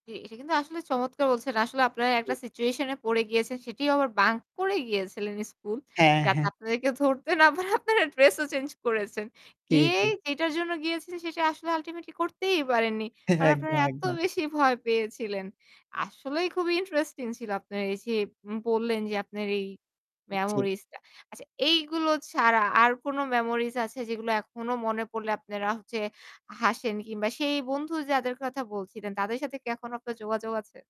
জি। এটা কিন্তু আসলে চমৎকার বলছেন। আসলে আপনারা জি। একটা সিচুয়েশন এ পড়ে গিয়েছেন। সেটিও আবার বাঙ্ক করে গিয়েছিলেন স্কুল। হ্যাঁ, যাতে হ্যাঁ। আপনাদেরকে ধরতে না পারে আপনারা ড্রেস ও চেঞ্জ করেছেন। জি, জি। গিয়েই যেটার জন্য গিয়েছিলেন সেটা আসলে আল্টিমেটলি করতেই পারেননি। কারণ আপনারা একদম, এত একদম। বেশি ভয় পেয়েছিলেন। আসলেই খুবই ইন্টারেস্টিং ছিল আপনারা এইযে উম বললেন যে আপনার এই উ জি। মেমোরিজটা। আচ্ছা, এইগুলো ছাড়া আর কোনো মেমোরিজ আছে যেগুলা এখনো মনে পড়লে আপনারা হচ্ছে হাসেন কিংবা সেই বন্ধু যাদের কথা বলছিলেন তাদের সাথে কি এখনো আপনার যোগাযোগ আছে?